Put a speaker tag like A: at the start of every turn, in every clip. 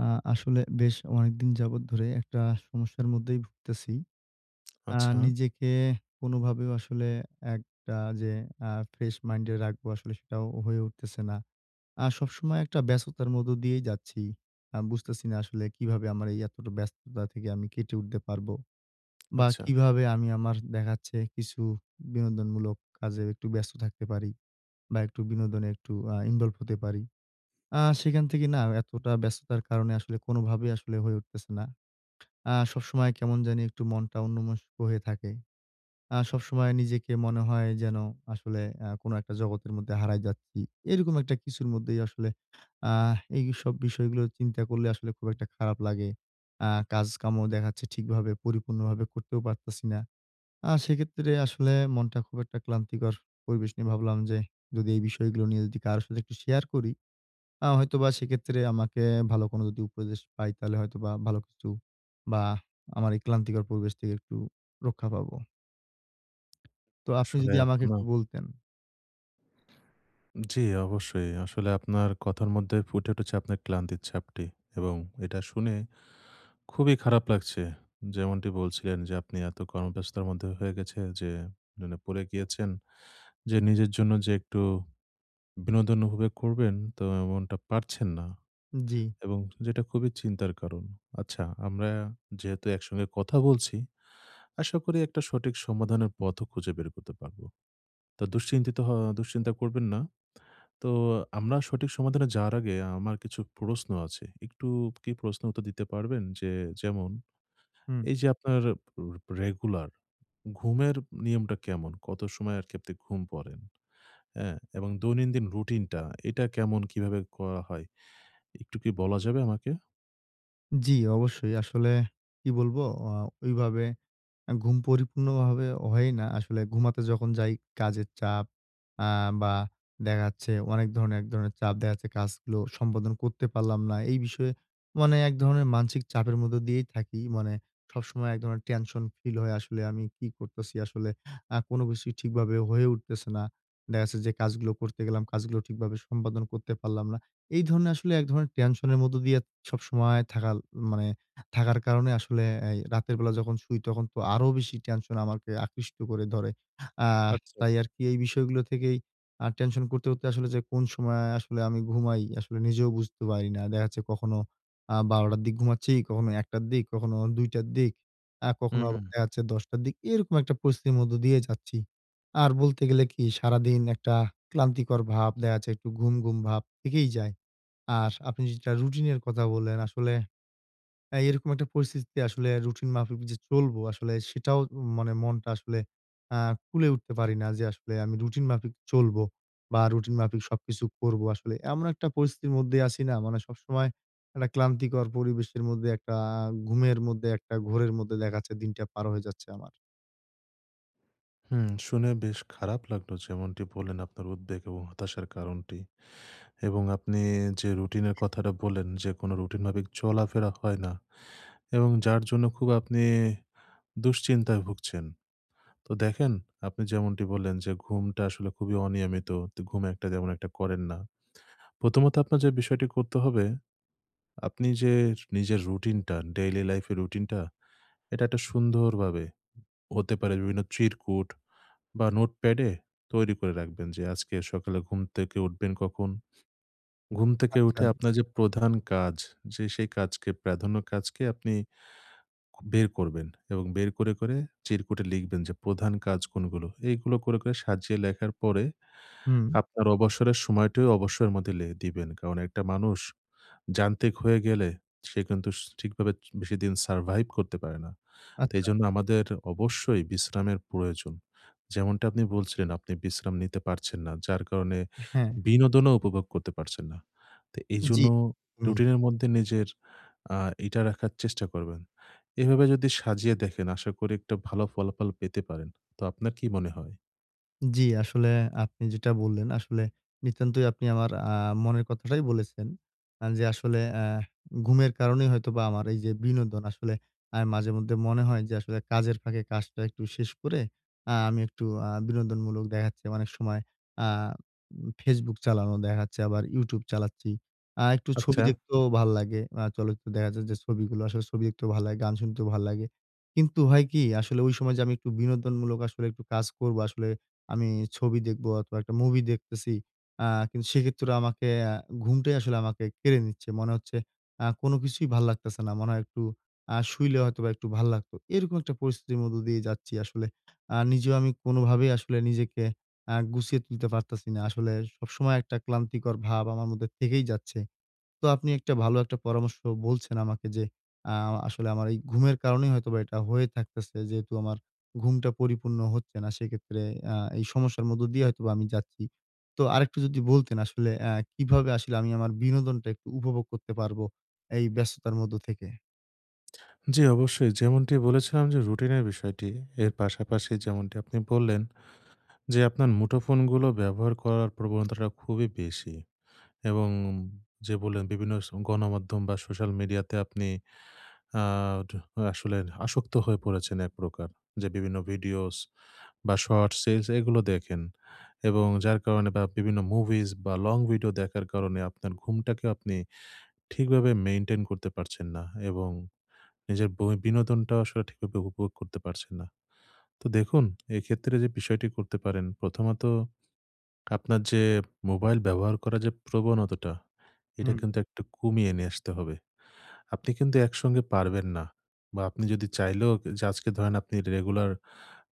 A: আ আসলে বেশ অনেকদিন যাবৎ ধরে একটা সমস্যার মধ্যেই ভুগতেছি। আ
B: আচ্ছা।
A: নিজেকে কোনভাবেও আসলে একটা যে আ ফ্রেশ মাইন্ডে রাখবো, আসলে সেটাও হয়ে উঠতেছে না। আ সবসময় একটা ব্যস্ততার মধ্য দিয়েই যাচ্ছি। আ বুঝতেছি না আসলে কিভাবে আমার এই এতটা ব্যস্ততা থেকে আমি কেটে উঠতে পারবো। বা
B: আচ্ছা।
A: কিভাবে আমি আমার দেখা যাচ্ছে কিছু বিনোদনমূলক কাজে একটু ব্যস্ত থাকতে পারি? বা একটু বিনোদনে একটু আ ইনভল্ভ হতে পারি। আ সেখান থেকে না এতটা ব্যস্ততার কারণে আসলে কোনভাবেই আসলে হয়ে উঠতেছে না। আ সবসময় কেমন জানি একটু মনটা অন্যমনস্ক হয়ে থাকে। আ সবসময় নিজেকে মনে হয় যেন আসলে আ কোন একটা জগতের মধ্যে হারায় যাচ্ছি। এরকম একটা কিছুর মধ্যেই আসলে আহ এইসব বিষয়গুলো চিন্তা করলে আসলে খুব একটা খারাপ লাগে। আ কাজকামও দেখা যাচ্ছে ঠিকভাবে পরিপূর্ণভাবে করতেও পারতাছি না। আ সেক্ষেত্রে আসলে মনটা খুব একটা ক্লান্তিকর পরিবেশ নিয়ে ভাবলাম যে, যদি এই বিষয়গুলো নিয়ে যদি কারো সাথে একটু শেয়ার করি। আ হয়তোবা সেক্ষেত্রে আমাকে ভালো কোনো যদি উপদেশ পাই, তাহলে হয়তোবা ভালো কিছু বা আমার এই ক্লান্তিকর পরিবেশ থেকে একটু রক্ষা পাবো। তো আপনি
B: আসলে
A: যদি আমাকে
B: আপনা
A: একটু বলতেন।
B: জ্বি, অবশ্যই। আসলে আপনার কথার মধ্যে ফুটে উঠেছে আপনার ক্লান্তির ছাপটি। এবং এটা শুনে খুবই খারাপ লাগছে। যেমনটি বলছিলেন যে আপনি এত কর্মব্যস্তর মধ্যে হয়ে গেছে যে, ন মানে পড়ে গিয়েছেন যে, নিজের জন্য যে একটু বিনোদন উপভোগ করবেন, তো এমনটা পারছেন না।
A: জ্বি।
B: এবং যেটা খুবই চিন্তার কারণ। আচ্ছা। আমরা যেহেতু একসঙ্গে কথা বলছি, আশা করি একটা সঠিক সমাধানের পথও খুঁজে বের করতে পারবো। তো দুশ্চিন্তিত হওয়া দুশ্চিন্তা করবেন না। তো আমরা সঠিক সমাধানে যাওয়ার আগে আমার কিছু প্রশ্ন আছে। একটু কি প্রশ্ন উত্তর দিতে পারবেন? যে যেমন
A: হুম।
B: এইযে আপনার রাপ রেগুলার ঘুমের নিয়মটা কেমন? কত সময় আরকি আপনি ঘুম পড়েন? অ্যাঁ? এবং দৈনন্দিন রুটিনটা, এটা কেমন? কীভাবে করা হয়? একটু কি বলা যাবে আমাকে?
A: জ্বি, অবশ্যই। আসলে কি বলবো? আ ওইভাবে আ ঘুম পরিপূর্ণভাবে হয়ই না। আসলে ঘুমাতে যখন যাই, কাজের চাপ আ বা দেখা যাচ্ছে, অনেক ধরনের এক ধরনের চাপ দেখাচ্ছে কাজগুলো সম্পাদন করতে পারলাম না। এই বিষয়ে মানে এক ধরনের মানসিক চাপের মধ্যে দিয়েই থাকি। মানে সবসময় এক ধরনের টেনশন ফিল হয় আসলে, আমি কি করতাছি? আসলে আ কোন কিছুই ঠিকভাবে হয়ে উঠতেছে না। দেখা যাচ্ছে যে কাজগুলো করতে গেলাম, কাজগুলো ঠিকভাবে সম্পাদন করতে পারলাম না। এই ধরণের আসলে এক ধরণের টেনশনের মধ্যে দিয়ে সবসময় থাকাল মানে থাকার কারণে আসলে এই রাতের বেলা যখন শুই, তখন তো আরো বেশি টেনশন আমাকে আকৃষ্ট করে ধরে। আ
B: আচ্ছে।
A: তাই আরকি এই বিষয়গুলো থেকেই আ টেনশন করতে, করতে আসলে যে কোন সময় আসলে আমি ঘুমাই, আসলে নিজেও বুঝতে পারি না। দেখা যাচ্ছে কখনো আ ১২:০০ র দিক ঘুমাচ্ছি, কখনো ১:০০ র দিক, কখনো ২:০০ র দিক, আ কখনো আবার
B: হুউম।
A: দেখাচ্ছে ১০:০০ র দিক। এরকম একটা পরিস্থিতির মধ্যে দিয়ে যাচ্ছি। আর বলতে গেলে কি? সারাদিন একটা ক্লান্তিকর ভাব। দেখা যাচ্ছে একটু ঘুম, ঘুম ভাব থেকেই যায়। আর আপনি যেটা রুটিনের কথা বললেন, আসলে আ এইরকম একটা পরিস্থিতিতে আসলে রুটিন মাফিক যে চলবো, আসলে সেটাও মা মানে মনটা আসলে আ কুলাই উঠতে পারি না যে, আসলে আমি রুটিন মাফিক চলবো বা রুটিন মাফিক সবকিছু করবো আসলে। এমন একটা পরিস্থিতির মধ্যেই আছি না? মানে সবসময় মানে ক্লান্তিকর পরিবেশের মধ্যে, একটা ঘুমের মধ্যে, একটা ঘোরের মধ্যে দেখা যাচ্ছে দিনটা পার হয়ে যাচ্ছে আমার।
B: হুম। শুনে বেশ খারাপ লাগলো যেমনটি বললেন আপনার উদ্বেগ এবং হতাশার কারণটি। এবং আপনি যে রুটিন এর কথাটা বললেন যে কোন রুটিনভাবে চলাফেরা হয় না। এবং যার জন্য খুব আপনি দুশ্চিন্তায় ভুগছেন। তো দেখেন আপনি যেমনটি বললেন যে ঘুমটা আসলে খুবই অনিয়মিত। তো ঘুম একটা তেমন একটা করেন না। প্রথমত আপনার যে বিষয়টি করতে হবে আপনি যে নিজের রুটিনটা, ডেইলি লাইফ এর রুটিনটা এটা একটা সুন্দর ভাবে হতে পারে বিভিন্ন চিরকুট বা নোটপ্যাডে তৈরি করে রাখবেন। যে আজকে সকালে ঘুম থেকে উঠবেন কখন। ঘুম থেকে
A: আচ্ছা।
B: উঠে আপনার যে প্রধান কাজ যে সেই কাজকে প্রাধান্য কাজকে আপনি বের করবেন। এবং বের করে, করে চিরকুটে লিখবেন যে প্রধান কাজ কোনগুলো। এগুলো করে, করে সাজিয়ে লেখার পরে
A: হুম।
B: আপনার অবসরের সময়টিও অবসরের মধ্যে লে দিবেন। কারণ একটা মানুষ যান্ত্রিক হয়ে গেলে সে কিন্তু স ঠিকভাবে চ বেশিদিন survive করতে পারে না। তো
A: আচ্ছা।
B: এজন্য আমাদের অবশ্যই বিশ্রামের প্রয়োজন। যেমনটা আপনি বলছিলেন আপনি বিশ্রাম নিতে পারছেন না। যার কারণে
A: অ্যা হ্যাঁ।
B: বিনোদনও উপভোগ করতে পারছেন না। তো এইজন্য
A: জ্বি। হুম।
B: রুটিনের মধ্যে নিজের আ এটা রাখার চেষ্টা করবেন। এভাবে যদি সাজিয়ে দেখেন আশা করি একটা ভালো ফলাফল পেতে পারেন। তো আপনার কি মনে হয়?
A: জি, আসলে আপনি যেটা বললেন, আসলে নিতান্তই আপনি আমার আ মনের কথাটাই বলেছেন। আ যে আসলে অ্যা ঘুমের কারণেই হয়তোবা আমার এই যে বিনোদন, আসলে মাঝেমধ্যে মনে হয় যে আসলে কাজের ফাঁকে কাজটা একটু শেষ করে, অ্যা আমি একটু অ্যা বিনোদনমূলক দেখাচ্ছে অনেক সময়, অ্যা Facebook চালানো, দেখাচ্ছে আবার YouTube চালাচ্ছি। আ একটু ছবি
B: আচ্ছা।
A: দেখতেও ভাল লাগে। অ্যা চলচ্চিত্রে দেখাচ্ছে যে, ছবিগুলো আসলে ছবি দেখতেও ভালো লাগে, গান শুনতেও ভাল লাগে। কিন্তু হয় কি? আসলে ঐ সময় যে আমি একটু বিনোদনমূলক আসলে একটু কাজ করব, আসলে আমি ছবি দেখবো অথবা একটা মুভি দেখতেছি। অ্যা কিন্তু সেক্ষেত্রে আমাকে অ্যা ঘুমটাই আসলে আমাকে কেড়ে নিচ্ছে। মনে হচ্ছে আ কোন কিছুই ভাল লাগতাছে না। মনে হয় একটু আ শুইলে হয়তোবা একটু ভাল লাগত। এরকম একটা পরিস্থিতির মধ্যে দিয়ে যাচ্ছি আসলে। আ নিজেও আমি কোনভাবেই আসলে নিজেকে আ গুছিয়ে তুলতে পারতাছি না। আসলে সবসময় একটা ক্লান্তিকর ভাব আমার মধ্যে থেকেই যাচ্ছে। তো আপনি একটা ভালো একটা পরামর্শ বলছেন আমাকে যে, অ্যা আসলে আমার ঘুমের কারণেই হয়তোবা এটা হয়ে থাকতেছে, যেহেতু আমার ঘুমটা পরিপূর্ণ হচ্ছে না, সেক্ষেত্রে আ এই সমস্যার মধ্য দিয়ে হয়তোবা আমি যাচ্ছি। তো আরেকটু যদি বলতেন, আসলে অ্যা কিভাবে আসলে আমি আমার বিনোদনটা একটু উপভোগ করতে পারবো, এই ব্যস্ততার মধ্য থেকে?
B: জি, অবশ্যই। যেমনটি বলেছিলাম যে রুটিনের বিষয়টি, এর পাশাপাশি যেমনটি আপনি বললেন যে, আপনার মুঠোফোনগুলো ব্যবহার করার প্রবণতাটা খুবই বেশি এবং উন যে বললেন, বিভিন্ন গণমাধ্যম বা, সোশ্যাল মিডিয়াতে আপনি আড আসলে আসক্ত হয়ে পড়েছেন এক প্রকার। যে বিভিন্ন ভিডিওস বা, শর্টস, এলস এগুলো দেখেন এবং যার কারণে বা বিভিন্ন মুভিস বা, লং ভিডিও দেখার কারণে আপনার ঘুমটাকে আপনি ঠিকভাবে মেইনটেইন করতে পারছেন না এবং নিজের বই বিনোদনটা আসলে ঠিকভাবে উপভোগ করতে পারছেন না। তো দেখুন, এক্ষেত্রে যে বিষয়টি করতে পারেন, প্রথমত আপনার যে মোবাইল ব্যবহার করা যে প্রবণতাটা, এটা
A: হুম।
B: কিন্তু একটু কমিয়ে নিয়ে আসতে হবে। আপনি কিন্তু একসঙ্গে পারবেন না। বা আপনি যদি চাইলেও যে আজকে ধরেন আপনি রেগুলার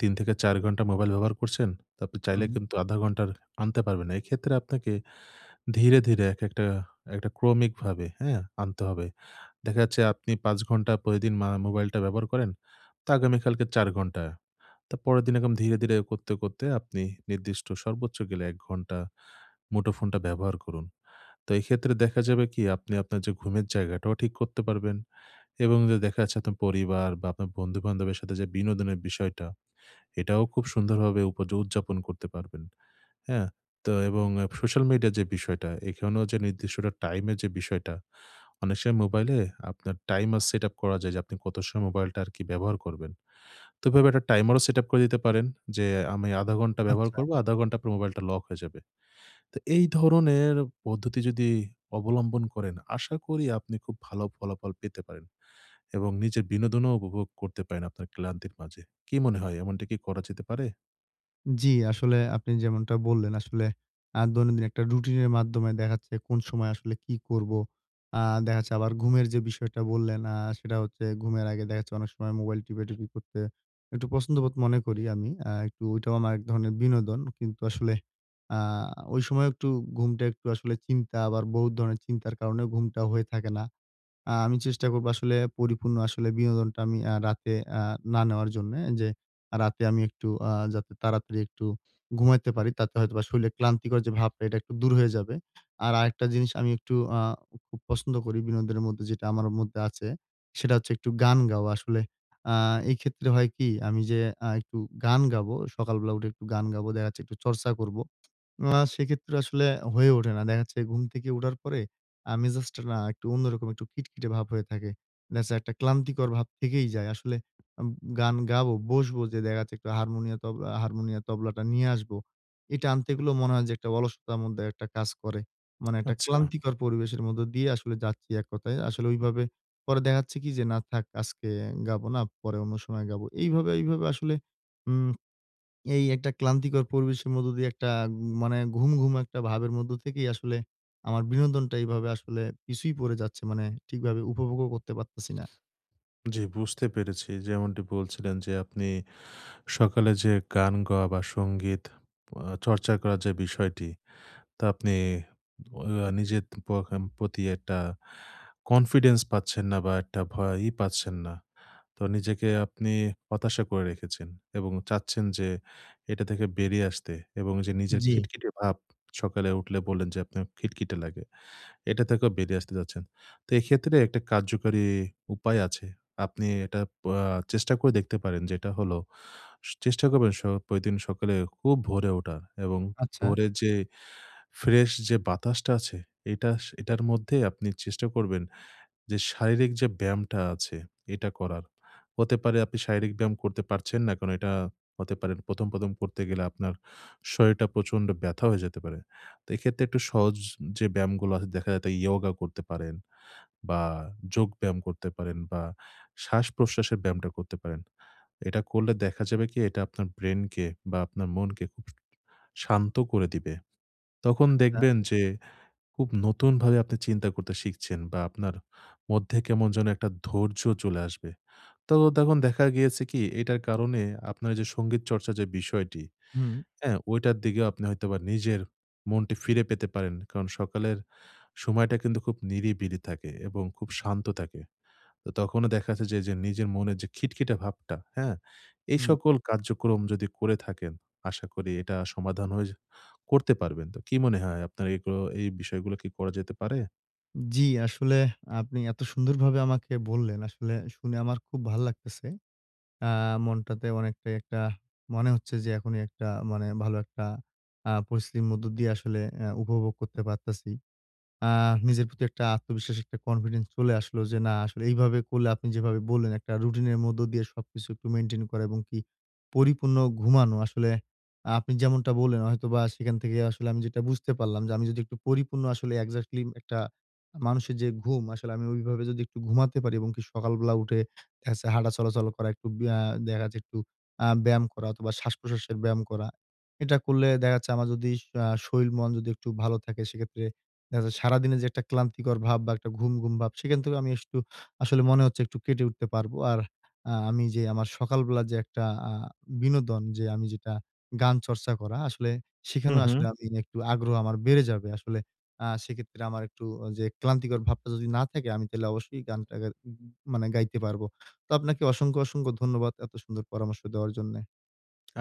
B: ৩ থেকে ৪ ঘণ্টা মোবাইল ব্যবহার করছেন। তো আপনি চাইলে
A: হুম।
B: কিন্তু ১/২ ঘন্টার আনতে পারবেন না। এক্ষেত্রে আপনাকে ধীরে, ধীরে একেকটা একটা ক্রমিকভাবে, হ্যাঁ? আনতে হবে। দেখা যাচ্ছে আপনি ৫ ঘন্টা প্রতিদিন মা মোবাইলটা ব্যবহার করেন তো আগামীকালকে ৪ ঘন্টা। তারপরের দিন এরকম ধীরে, ধীরে করতে, করতে আপনি নির্দিষ্ট সর্বোচ্চ গেলে ১ ঘন্টা মুঠোফোনটা ব্যবহার করুন। তো এক্ষেত্রে দেখা যাবে কি? আপনি আপনার যে ঘুমের জায়গাটাও ঠিক করতে পারবেন এবং দে দেখা যাচ্ছে আপনার পরিবার বা, আপনার বন্ধু-বান্ধবের সাথে যে বিনোদনের বিষয়টা, এটাও খুব সুন্দরভাবে উপয উদযাপন করতে পারবেন, হ্যাঁ? তো এবং এপ সোশ্যাল মিডিয়ার যে বিষয়টা, এখানেও যে নির্দিষ্ট টাইমের যে বিষয়টা অনেক সময় মোবাইলে আপনার টাইমার সেটআপ করা যায় যে, আপনি কত সময় মোবাইলটা আরকি ব্যবহার করবেন। তো এভাবে একটা টাইমারও সেটআপ করে দিতে পারেন। যে আমি ১/২ ঘন্টা ব্যবহার
A: আচ্ছা।
B: করবো। ১/২ ঘন্টা পর আপনার মোবাইলটা লক হয়ে যাবে। তো এই ধরনের পদ্ধতি যদি অবলম্বন করেন, আশা করি আপনি খুব ভালো ফলাফল পেতে পারেন এবং নিজের বিনোদনও উপভোগ করতে পারেন আপনার ক্লান্তির মাঝে। কী মনে হয় এমনটা কি করা যেতে পারে?
A: জ্বি, আসলে আপনি যেমনটা বললেন আসলে আ দৈনন্দিন একটা রুটিন এর মাধ্যমে দেখাচ্ছে কোন সময় আসলে কি করবো? আ দেখাচ্ছে আবার ঘুমের যে বিষয়টা বললেন আ সেটা হচ্ছে ঘুমের আগে দেখাচ্ছে অনেক সময় মোবাইল টিপা-টিপি করতে একটু পছন্দবোধ মনে করি আমি। আ একটু ওইটাও আমার এক ধরনের বিনোদন। কিন্তু আসলে আ ঐ সময় একটু ঘুমটা একটু আসলে চিন্তা আবার বহুত ধরনের চিন্তার কারণে ঘুমটা হয়ে থাকে না। আ আমি চেষ্টা করব আসলে পরিপূর্ণ আসলে বিনোদনটা আমি আ রাতে আ না নেওয়ার জন্যে। যে রাতে আমি একটু আ যাতে তাড়াতাড়ি একটু ঘুমাইতে পারি। তাতে হয়তোবা শরীরে ক্লান্তিকর যে ভাবটা এটা একটু দূর হয়ে যাবে। আর আরেকটা জিনিস আমি একটু আ খুব খুব পছন্দ করি। বিনোদনের মধ্যে যেটা আমার মধ্যে আছে। সেটা হচ্ছে একটু গান গাওয়া আসলে। আ এই ক্ষেত্রে হয় কি? আমি যে আ একটু গান গাবো, সকাল বেলা উঠে একটু গান গাবো দেখাচ্ছে একটু চর্চা করব। মা সেক্ষেত্রে আসলে হয়ে ওঠে না। দেখাচ্ছে ঘুম থেকে উঠার পরে আ মেজাজটা না একটু অন্যরকম একটু খিটখিটে ভাব হয়ে থাকে। দেখাচ্ছে একটা ক্লান্তিকর ভাব থেকেই যায়। আসলে আ উ গান গায়ো বসবো যে দেখাচ্ছে একটু হারমোনিয় তব আ হারমোনিয়াম, তবলাটা নিয়ে আসব। এটা আনতে গেলেও মনে হয় যে একটা অলসতার মধ্যে একটা কাজ করে। মানে একটা
B: আচ্ছা।
A: ক্লান্তিকর পরিবেশের মধ্য দিয়ে আসলে যাচ্ছি এক কথায়। আসলে ঐভাবে পরে দেখা যাচ্ছে কি, যে, "না থাক আজকে গাবো না, পরে অন্য সময় গাবো।" এইভাবে, এইভাবে আসলে উম এই একটা ক্লান্তিকর পরিবেশের মধ্য দিয়ে একটা উম মানে ঘুম, ঘুম একটা ভাবের মধ্যে থেকেই আসলে আমার বিনোদনটা এভাবে আসলে পিছুই পড়ে যাচ্ছে। মানে ঠিকভাবে উপভোগও করতে পারতেছি না।
B: জ্বি, বুঝতে পেরেছি। যেমনটি বলছিলেন, যে আপনি সকালে যে গান গাওয়া বা সংগীত আ চর্চা করার যে বিষয়টি। তা আপনি ওয়া নিজের পখাম প্রতি একটা কনফিডেন্স পাচ্ছেন না বা একটা ভয়ই পাচ্ছেন না। তো নিজেকে আপনি হতাশা করে রেখেছেন এবং চাচ্ছেন যে, এটা থেকে বেরিয়ে আসতে এবং যে নিজের
A: জ্বি।
B: খিটখিটে ভাব, সকালে উঠলে বললেন যে আপনার খিটখিটে লাগে। এটা থেকেও বেরিয়ে আসতে যাচ্ছেন। তো এক্ষেত্রে একটা কার্যকরী উপায় আছে। আপনি এটা পয়া চেষ্টা করে দেখতে পারেন। যেটা হলো, সু চেষ্টা করবেন সো প্রতিদিন সকালে খুব ভোরে ওঠা এবং
A: আচ্ছা।
B: ভোরের যে ফ্রেশ যে বাতাসটা আছে। এতাশ এটার মধ্যে আপনি চেষ্টা করবেন যে শারীরিক যে ব্যায়ামটা আছে এটা করার। হতে পারে আপনি শারীরিক ব্যায়াম করতে পারছেন না। কারণ এটা হতে পারে ১ম, ১ম করতে গেলে আপনার শরীরটা প্রচন্ড ব্যথা হয়ে যেতে পারে। তো এক্ষেত্রে একটু সহজ যে ব্যায়ামগুলো আছে। দেখা যাতে ইয়গা করতে পারেন বা যোগ ব্যায়াম করতে পারেন বা শ্বাসপ্রশ্বাসের ব্যায়ামটা করতে পারেন। এটা করলে দেখা যাবে কি? এটা আপনার ব্রেইনকে বা আপনার মনকে শান্ত করে দিবে। তখন
A: আচ্ছা।
B: দেখবেন যে, খুব নতুনভাবে আপনি চিন্তা করতে শিখছেন বা আপনার মধ্যে কেমন যেন একটা ধৈর্য্য চলে আসবে। তো তখন দেখা গিয়েছে কি, এটার কারণে আপনার যে সংগীত চর্চার যে বিষয়টি।
A: হুম।
B: হ্যাঁ, ওইটার দিকেও আপনি হয়তোবা নিজের মনটি ফিরে পেতে পারেন। কারণ সকালের সময়টা কিন্তু খুব নিরিবিরি থাকে এবং খুব শান্ত থাকে। তো তখনো দেখাচ্ছে যে, এইযে নিজের মনের যে খিটখিটে ভাবটা, হ্যাঁ? এই
A: হুম।
B: সকল কার্যক্রম যদি করে থাকেন। আশা করি এটা সমাধান হয়ে যে করতে পারবেন। তো কি মনে হয়? আপনার এই গ্র এইগুলো এই বিষয়গুলো কি করা যেতে পারে?
A: জি, আসলে আপনি এত সুন্দরভাবে আমাকে বললেন, আসলে শুনে আমার খুব ভাল লাগতেছে। আ মনটাতে অনেকটাই একটা মনে হচ্ছে যে এখনই একটা মানে ভালো একটা আ পরিস্থিতির মধ্য দিয়ে আসলে অ্যা উপভোগ করতে পারতাছি। আ নিজের প্রতি একটা আত্মবিশ্বাস, একটা কনফিডেন্স চলে আসলো। যে, না, আসলে এইভাবে করলে, আপনি যেভাবে বললেন একটা রুটিনের মধ্য দিয়ে সবকিছু একটু মেইনটেইন করা এবং কি, পরিপূর্ণ ঘুমানো। আসলে আপনি যেমনটা বললেন, হয়তোবা সেখান থেকে আসলে আমি যেটা বুঝতে পারলাম যে, আমি যদি একটু পরিপূর্ণ আসলে এক্সাক্টলি উম একটা মানুষের যে ঘুম, আসলে আমি ওইভাবে যদি একটু ঘুমাতে পারি এবং কি, সকালবেলা উঠে হাঁটা, দেখাচ্ছে চলাচল করা একটু ব্যা দেখা যায় একটু আ ব্যায়াম করা অথবা, শ্বাসপ্রশ্বাসের ব্যায়াম করা। এটা করলে দেখা যাচ্ছে আমার যদি শ আ শরীর মন যদি একটু ভালো থাকে, সেক্ষেত্রে দেখা যাচ্ছে সারাদিনের যে একটা ক্লান্তিকর ভাব বা একটা ঘুম, ঘুম ভাব, সেখান থেকে আমি আস সু আসলে মনে হচ্ছে একটু কেটে উঠতে পারবো। আর আ আমি যে আমার সকালবেলা যে একটা আ বিনোদন যে, আমি যেটা গান চর্চা করা। আসলে
B: হু,
A: সেখানেও
B: হু।
A: আসলে আমি একটু আগ্রহ আমার বেড়ে যাবে। আসলে আ সেক্ষেত্রে আমার একটু অ যে ক্লান্তিকর ভাবটা যদি না থাকে, আমি তাহলে অবশ্যই গানটা গা উ মনে গাইতে পারবো। তো আপনাকে অসংখ্য, অসংখ্য ধন্যবাদ এত সুন্দর পরামর্শ দেওয়ার জন্যে।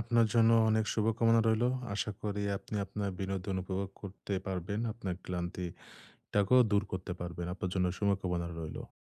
B: আপনার জন্যও অনেক শুভকামনা রইলো। আশা করি আপনি আপনার বিনোদন উপভোগ করতে পারবেন। আপনার ক্লান্তিটাকেও দূর করতে পারবেন। আপনার জন্য শুভকামনা রইলো।